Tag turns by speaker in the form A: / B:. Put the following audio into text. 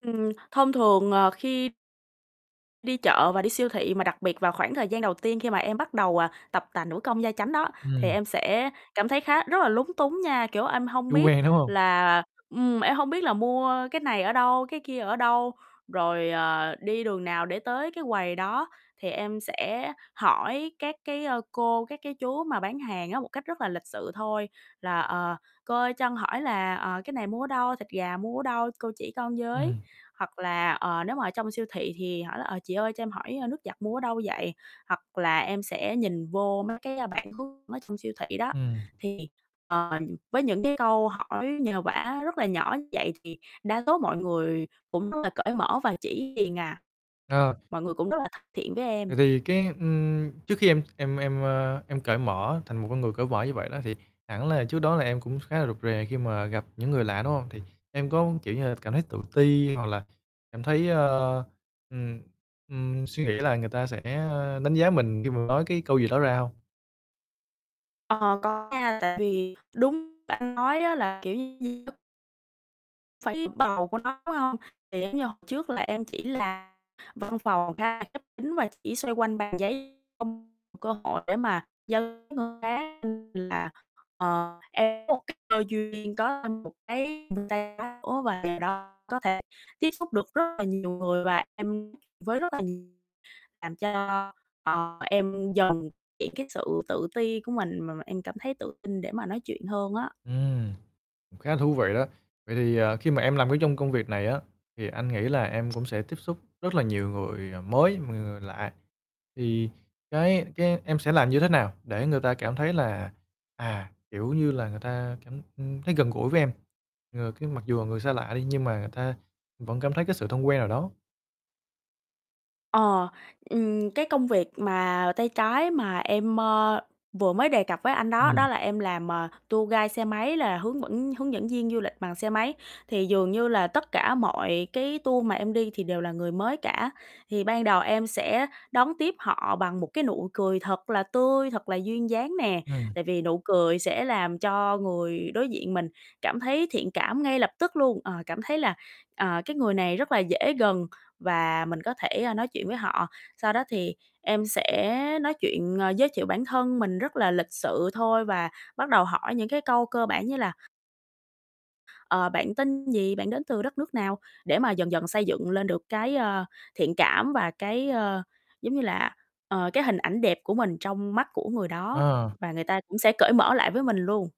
A: Ừm, thông thường, ờ, khi đi chợ và đi siêu thị mà đặc biệt vào khoảng thời gian đầu tiên khi mà em bắt đầu, à, tập tành nữ công gia chánh đó, thì
B: Ừm.
A: em sẽ cảm thấy khá rất là lúng túng nha. Kiểu, em hông
B: Chưa
A: biết
B: quen, đúng hông?
A: là ừm, em hông biết là mua cái này ở đâu, cái kia ở đâu, rồi, ờ, đi đường nào để tới cái quầy đó, thì em sẽ hỏi các cái, ơ, cô, các cái chú mà bán hàng á, một cách rất là lịch sự thôi là "Ờ, cô ơi cho con hỏi là, ờ, cái này mua ở đâu, thịt gà mua ở đâu, cô chỉ con với."
B: Ừm.
A: Hoặc là, ờ, nếu mà ở trong siêu thị thì hỏi là: "Ờ, chị ơi cho em hỏi, ờ, nước giặt mua ở đâu vậy?" Hoặc là em sẽ nhìn vô mấy cái bản hướng ở trong siêu thị đó.
B: Ừm.
A: Thì, ờ, với những cái câu hỏi nhờ vả rất là nhỏ vậy thì đa số mọi người cũng rất là cởi mở và chỉ liền à,
B: Ờ.
A: mọi người cũng rất là thân thiện với em.
B: Vậy thì cái, ưm, trước khi em em em, ơ, em cởi mở thành một con người cởi vở như vậy đó thì hẳn là trước đó là em cũng khá là rụt rè khi mà gặp những người lạ, đúng hông? Thì em có, kiểu như là, cảm thấy tự ti hoặc là cảm thấy, a, ừm, ừm, suy nghĩ là người ta sẽ đánh giá mình khi mà nói cái câu gì đó ra hông?
A: Ờ, có nha. Tại vì đúng anh nói á là, kiểu như Phải bầu của nó, đúng hông? Thì giống như hồi trước là em chỉ làm văn phòng, khá khép kín và chỉ xoay quanh bàn giấy, không cơ hội để mà giao [unintelligible] là, ờ, em có một cái cơ duyên có thêm một cái [unintelligible] nữa và đó có thể tiếp xúc được rất là nhiều người. Và em với rất là làm cho, ờ, em dần [unintelligible] cái sự tự ti của mình, mà mà em cảm thấy tự tin để mà nói chuyện hơn á.
B: Ưm, cũng khá là thú vị đó. Vậy thì, à, khi mà em làm cái trong công việc này á thì anh nghĩ là em cũng sẽ tiếp xúc rất là nhiều người mới, mà người lạ, thì cái cái em sẽ làm như thế nào để người ta cảm thấy là, à, kiểu như là, người ta cảm, ưm, thấy gần gũi với em, ơ, cái mặc dù người xa lạ đi nhưng mà người ta vẫn cảm thấy cái sự thân quen nào đó?
A: Ờ, ừm, cái công việc mà tay trái mà em, ơ, vừa mới đề cập với anh đó, đó
B: Ừm.
A: là em làm, à, tour guide xe máy là hướng vẫn hướng dẫn viên du lịch bằng xe máy. Thì dường như là tất cả mọi cái tour mà em đi thì đều là người mới cả. Thì ban đầu em sẽ đón tiếp họ bằng một cái nụ cười thật là tươi, thật là duyên dáng nè,
B: Ừm.
A: tại vì nụ cười sẽ làm cho người đối diện mình cảm thấy thiện cảm ngay lập tức luôn, ờ, cảm thấy là, ờ, cái người này rất là dễ gần và mình có thể, a, nói chuyện với họ. Sau đó thì em sẽ nói chuyện, ờ, giới thiệu bản thân mình rất là lịch sự thôi và bắt đầu hỏi những cái câu cơ bản như là ờ, bạn tên gì, bạn đến từ đất nước nào để mà dần dần xây dựng lên được cái, ơ, thiện cảm và cái, ơ, giống như là, ờ, cái hình ảnh đẹp của mình trong mắt của người đó
B: À.
A: và người ta cũng sẽ cởi mở lại với mình luôn.